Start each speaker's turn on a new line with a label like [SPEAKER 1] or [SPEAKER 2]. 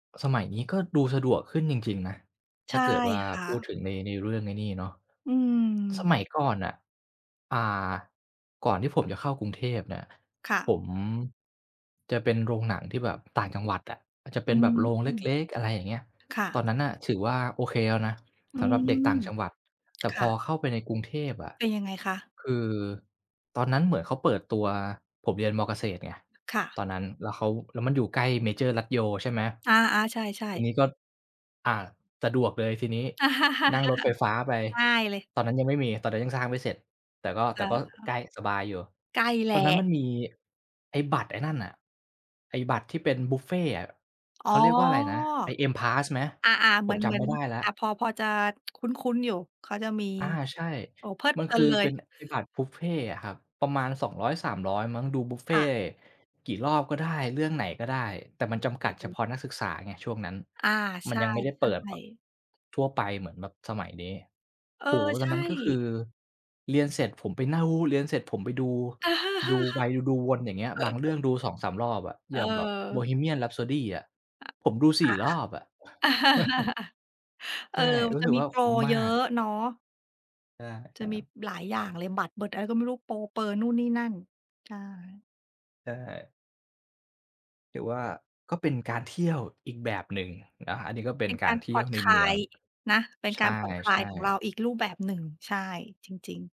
[SPEAKER 1] สมัยนี้ก็ดูสะดวกขึ้นจริง ๆ นะ
[SPEAKER 2] ใช
[SPEAKER 1] ถ้า
[SPEAKER 2] ่
[SPEAKER 1] เกิดว่า
[SPEAKER 2] ค่
[SPEAKER 1] พูดถ
[SPEAKER 2] ะ
[SPEAKER 1] ึงใน ในเรื่องไอ้นี่เนาะ
[SPEAKER 2] อื
[SPEAKER 1] ส
[SPEAKER 2] ม
[SPEAKER 1] มัยก่อนน่ะ อ่า ก่อนที่ผมจะเข้ากรุงเทพเนี่ย
[SPEAKER 2] ค่
[SPEAKER 1] ผ
[SPEAKER 2] ะ
[SPEAKER 1] มจะเป็นโรงหนังที่แบบต่างจังหวัดอะ อาจจะเ
[SPEAKER 2] อ
[SPEAKER 1] ป็
[SPEAKER 2] ื
[SPEAKER 1] นแบบโรงเ
[SPEAKER 2] ม
[SPEAKER 1] ล็ก ๆ อะไรอย่างเงี้ย
[SPEAKER 2] ค่
[SPEAKER 1] ตอ
[SPEAKER 2] ะ
[SPEAKER 1] นนั้นน่ะถือว่าโอเคแล้วนะ
[SPEAKER 2] อื
[SPEAKER 1] สำหรับเด็ก
[SPEAKER 2] ม
[SPEAKER 1] ต่างจังหวัด แต่
[SPEAKER 2] ค
[SPEAKER 1] พ
[SPEAKER 2] ่
[SPEAKER 1] อ
[SPEAKER 2] ะ
[SPEAKER 1] เข้าไปในกรุงเทพอะ
[SPEAKER 2] เป็นยังไงคะ?
[SPEAKER 1] คือตอนนั้นเหมือนเขาเปิดตัว ผมเรียน ม.เกษตรไง
[SPEAKER 2] ค่ะ
[SPEAKER 1] ตอนนั้น แล้วเขา แล้วมันอยู่ใกล้เมเจอร์รัชโย ใช่ไหม
[SPEAKER 2] อา ๆ ใช่
[SPEAKER 1] ที่
[SPEAKER 2] ๆ
[SPEAKER 1] นี้ก็ อ่า สะดวกเลยทีนี้ นั่งรถไฟฟ้าไป
[SPEAKER 2] ง่ายเลย
[SPEAKER 1] ตอนนั้นยังไม่มี ตอนนั้นยังสร้างไม่เสร็จ แต่ก็ แ
[SPEAKER 2] อ
[SPEAKER 1] ต่ก็
[SPEAKER 2] า
[SPEAKER 1] ใก
[SPEAKER 2] ๆ
[SPEAKER 1] ล้ สบายอยู่
[SPEAKER 2] ใกล้แหล
[SPEAKER 1] ตอนนั้น
[SPEAKER 2] ะ
[SPEAKER 1] มันมีไอ้บัตร ไอ้นั่นอะ ไอ้บัตรที่เป็นบุฟเฟต์อะ
[SPEAKER 2] อ๋
[SPEAKER 1] เ
[SPEAKER 2] อ
[SPEAKER 1] ขาเรียกว่าอะไรนะ ไอ้ M Pass ไหม?
[SPEAKER 2] อา ๆ เ
[SPEAKER 1] ผ
[SPEAKER 2] หมื
[SPEAKER 1] ม
[SPEAKER 2] อน
[SPEAKER 1] จ
[SPEAKER 2] เหม
[SPEAKER 1] ำ
[SPEAKER 2] ือ
[SPEAKER 1] ไม
[SPEAKER 2] น
[SPEAKER 1] ่ได้แล้
[SPEAKER 2] อ
[SPEAKER 1] ว
[SPEAKER 2] า พอ พอจะ คุ้น ๆ อยู่ เขาจะมี
[SPEAKER 1] อา ใช่
[SPEAKER 2] โอ้โฮ เพลิด
[SPEAKER 1] มั
[SPEAKER 2] เพ
[SPEAKER 1] น
[SPEAKER 2] ลิ
[SPEAKER 1] ค
[SPEAKER 2] น
[SPEAKER 1] ือ
[SPEAKER 2] เล
[SPEAKER 1] เป็
[SPEAKER 2] ย
[SPEAKER 1] น ไอ้บัตรบุฟเฟต์อะครับ ประมาณ 200-300 มั้ง ดูบุฟเฟ
[SPEAKER 2] ค่
[SPEAKER 1] ต
[SPEAKER 2] ะ
[SPEAKER 1] ์กี่รอบก็ได้ เรื่องไหนก็ได้ แต่มันจำกัด
[SPEAKER 2] เ
[SPEAKER 1] เฉ
[SPEAKER 2] ออ
[SPEAKER 1] พาะนักศึกษาไงช่วงนั้น
[SPEAKER 2] อา ใ
[SPEAKER 1] ม
[SPEAKER 2] ช
[SPEAKER 1] ัน
[SPEAKER 2] ่
[SPEAKER 1] ยังไม่ได้เปิดแบบ
[SPEAKER 2] ๆ
[SPEAKER 1] ทั่วไปเหมือนแบบสมัยนี้
[SPEAKER 2] เออ
[SPEAKER 1] โอ้โฮ
[SPEAKER 2] ใ
[SPEAKER 1] ต
[SPEAKER 2] ช
[SPEAKER 1] อนนั้นก็ค
[SPEAKER 2] ่
[SPEAKER 1] ือเรียนเสร็จผมไปเน่า เรียนเสร็จผมไปดู ดูไว ดูวนอย่างเงี้ย บางเรื่องดู 2-3 รอบอะ อย่างแบบ
[SPEAKER 2] เออ
[SPEAKER 1] Bohemian Rhapsody อะ
[SPEAKER 2] อ
[SPEAKER 1] ผมดู 4 รอบอะ
[SPEAKER 2] อา ๆ เอ
[SPEAKER 1] ใช
[SPEAKER 2] อ
[SPEAKER 1] ่
[SPEAKER 2] มั
[SPEAKER 1] รู
[SPEAKER 2] น
[SPEAKER 1] ้
[SPEAKER 2] จะ
[SPEAKER 1] สึก
[SPEAKER 2] มี
[SPEAKER 1] ว่า
[SPEAKER 2] โป
[SPEAKER 1] ค
[SPEAKER 2] ร
[SPEAKER 1] ุ้มม
[SPEAKER 2] เ
[SPEAKER 1] า
[SPEAKER 2] ยอ
[SPEAKER 1] ก
[SPEAKER 2] ะเนาะ
[SPEAKER 1] ใช่ค
[SPEAKER 2] จะ
[SPEAKER 1] รั
[SPEAKER 2] มี
[SPEAKER 1] บ
[SPEAKER 2] หลายอย่างเลย บัตรเบิดอะไรก็ไม่รู้ โปรเปอนู่นนี่นั่น ใช่
[SPEAKER 1] ใช่ ถือว่าก็เป็นการเที่ยวอีกแบบหนึ่งนะครับ อันนี้ก็เป
[SPEAKER 2] เ
[SPEAKER 1] ็
[SPEAKER 2] ป
[SPEAKER 1] น
[SPEAKER 2] ็น
[SPEAKER 1] ก
[SPEAKER 2] ก
[SPEAKER 1] า
[SPEAKER 2] า
[SPEAKER 1] ร
[SPEAKER 2] ร
[SPEAKER 1] เท
[SPEAKER 2] ผ
[SPEAKER 1] ี่
[SPEAKER 2] ่อ
[SPEAKER 1] ยว
[SPEAKER 2] น
[SPEAKER 1] ใน
[SPEAKER 2] คล
[SPEAKER 1] เมื
[SPEAKER 2] า
[SPEAKER 1] อง
[SPEAKER 2] ยนะ เป็น
[SPEAKER 1] ใช
[SPEAKER 2] การผ่อนคลา
[SPEAKER 1] ่
[SPEAKER 2] ยของเรา
[SPEAKER 1] ๆ
[SPEAKER 2] อีกรูปแบบหนึ่ง ใช่ จริง ๆ